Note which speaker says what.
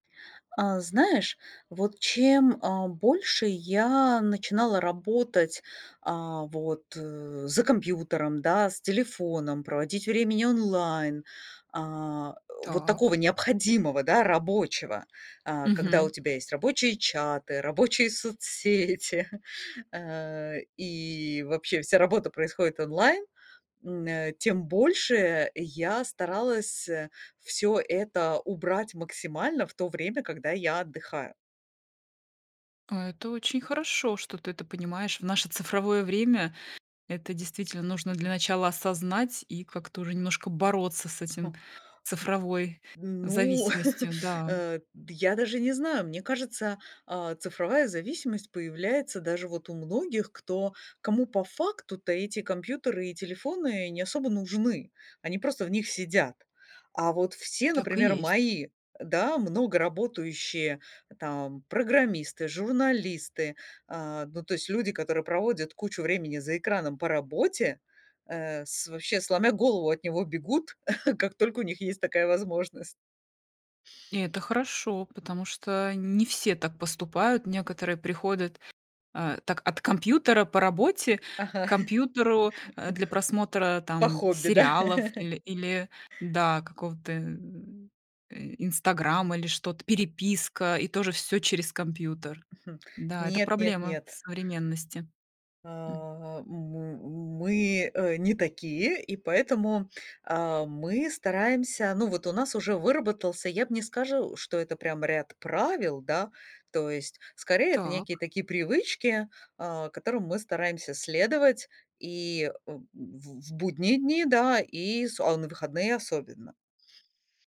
Speaker 1: А знаешь, вот чем, а, больше я начинала работать, а, вот, э, за компьютером, да, с телефоном, проводить времени онлайн, а, о, вот такого
Speaker 2: Так.
Speaker 1: необходимого, да, рабочего, а, когда у
Speaker 2: Мгм.
Speaker 1: тебя есть рабочие чаты, рабочие соцсети, э, и вообще вся работа происходит онлайн, м, а, тем больше я старалась, э, всё это убрать максимально в то время, когда я отдыхаю.
Speaker 2: А это очень хорошо, что ты это понимаешь в наше цифровое время. Это действительно нужно для начала осознать и как-то уже немножко бороться с этим,
Speaker 1: Угу.
Speaker 2: цифровой
Speaker 1: Д м, ну,
Speaker 2: зависимостью, да.
Speaker 1: э, д я даже не знаю. Мне кажется, а, цифровая зависимость появляется даже вот у многих, кто кому по факту-то эти компьютеры и телефоны не особо нужны. Они просто в них сидят, а вот все,
Speaker 2: Так и
Speaker 1: например,
Speaker 2: есть.
Speaker 1: мои, да, много работающие, там, программисты, журналисты, а, ну, то есть люди, которые проводят кучу времени за экраном по работе, э, с вообще сломя голову от него бегут, как только у них есть такая возможность.
Speaker 2: И это хорошо, потому что не все так поступают. Некоторые приходят, а, так от компьютера по работе
Speaker 1: Ага.
Speaker 2: к компьютеру, э, для просмотра
Speaker 1: По
Speaker 2: там
Speaker 1: хобби, да.
Speaker 2: сериалов или или, да, какого-то, э, Инстаграма, или что-то, переписка- и тоже всё через компьютер.
Speaker 1: Хм.
Speaker 2: Да, это
Speaker 1: Нет, нет,
Speaker 2: проблема
Speaker 1: нет.
Speaker 2: современности. М.
Speaker 1: А, м, мы, э, не такие, и поэтому, а, мы стараемся, ну, вот у нас уже выработался, я б не скажу, что это прям ряд правил, да. То есть, скорее, это некие
Speaker 2: Так.
Speaker 1: такие привычки, а, которым мы стараемся следовать и, э, в в будние дни, да, и с о, на выходные- особенно.